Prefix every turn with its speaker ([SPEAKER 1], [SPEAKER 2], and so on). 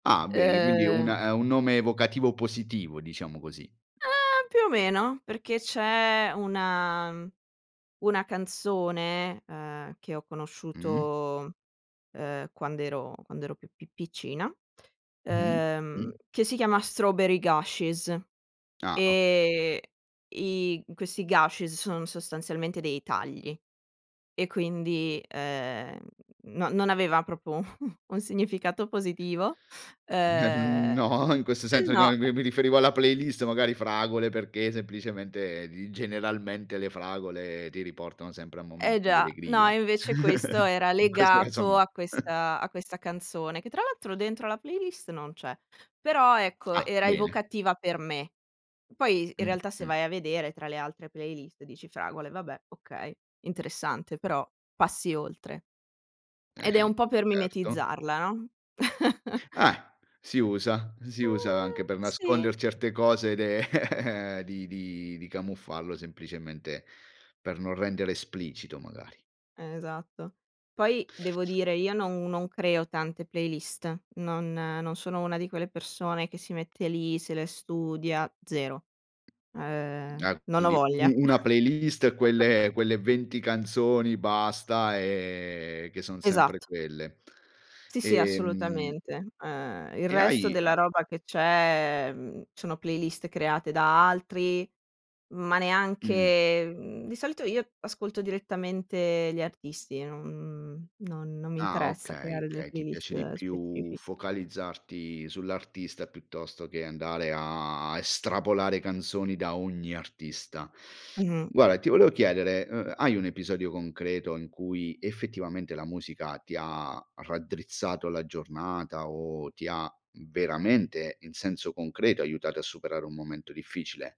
[SPEAKER 1] Ah, bene, quindi un ehm,
[SPEAKER 2] Ehm
[SPEAKER 1] ha un nome evocativo positivo, diciamo così.
[SPEAKER 2] Ehm! Più o meno, perché c'è una, mhmm, una canzone, uhm, che ho
[SPEAKER 1] Mh-mh.
[SPEAKER 2] conosciuto, uhm, quand'ero quando ero più pi piccina,
[SPEAKER 1] Mh,
[SPEAKER 2] uhm,
[SPEAKER 1] mh.
[SPEAKER 2] che si chiama Strawberry Gashes,
[SPEAKER 1] Ah, okay.
[SPEAKER 2] ehm, i questi gashes, son sostanzialmente dei tagli e quindi, ehm, no non aveva proprio un significato positivo.
[SPEAKER 1] Nel mhmm,
[SPEAKER 2] Uhm
[SPEAKER 1] no, in questo senso che a
[SPEAKER 2] no!
[SPEAKER 1] mi mi riferivo alla playlist, magari fragole, perché semplicemente di generalmente le fragole ti riportano sempre a momenti
[SPEAKER 2] Eh,
[SPEAKER 1] di
[SPEAKER 2] già. No,
[SPEAKER 1] allegria.
[SPEAKER 2] e invece questo era
[SPEAKER 1] In questo caso
[SPEAKER 2] legato
[SPEAKER 1] no.
[SPEAKER 2] a questa a questa canzone, che tra l'altro dentro la playlist non c'è. Però, ecco,
[SPEAKER 1] Ah,
[SPEAKER 2] era
[SPEAKER 1] bene.
[SPEAKER 2] evocativa per me. Poi, in
[SPEAKER 1] Mh.
[SPEAKER 2] realtà se
[SPEAKER 1] Mh.
[SPEAKER 2] vai a vedere tra le altre playlist dici: "Fragole, vabbè, okay, interessante" però, passi oltre. Ed è
[SPEAKER 1] Eh-eh,
[SPEAKER 2] un po' per
[SPEAKER 1] certo.
[SPEAKER 2] mimetizzarla, no?
[SPEAKER 1] Eh! Si usa, si
[SPEAKER 2] Eh,
[SPEAKER 1] usa anche per nasconder
[SPEAKER 2] sì.
[SPEAKER 1] certe cose de di di di camuffarlo semplicemente per non rendere esplicito magari.
[SPEAKER 2] Esatto. Poi, devo dire io non non creo tante playlist, non non sono una di quelle persone che si mette lì, se le studia, zero. Ehm,
[SPEAKER 1] Ah,
[SPEAKER 2] non ho
[SPEAKER 1] quindi
[SPEAKER 2] voglia.
[SPEAKER 1] u una playlist, quelle quelle 20 canzoni basta, ehm, che son sempre
[SPEAKER 2] Esatto.
[SPEAKER 1] quelle.
[SPEAKER 2] Sì, sì,
[SPEAKER 1] Ehm
[SPEAKER 2] assolutamente. Ehm, il
[SPEAKER 1] e
[SPEAKER 2] resto
[SPEAKER 1] hai a
[SPEAKER 2] della roba che c'è, mhmm, sono playlist create da altri, ma
[SPEAKER 1] Mh.
[SPEAKER 2] neanche mhmm di solito io ascolto direttamente gli artisti, non, mhmm non non mi
[SPEAKER 1] Ah,
[SPEAKER 2] interessa
[SPEAKER 1] okay,
[SPEAKER 2] creare delle
[SPEAKER 1] okay, ti piace di
[SPEAKER 2] playlist
[SPEAKER 1] più
[SPEAKER 2] specifiche.
[SPEAKER 1] focalizzarti sull'artista piuttosto che andare a estrapolare canzoni da ogni artista.
[SPEAKER 2] Mh-mh.
[SPEAKER 1] Guarda, ti volevo chiedere: uhm, hai un episodio concreto in cui effettivamente la musica ti ha raddrizzato la giornata o ti ha veramente, in senso concreto, aiutato a superare un momento difficile?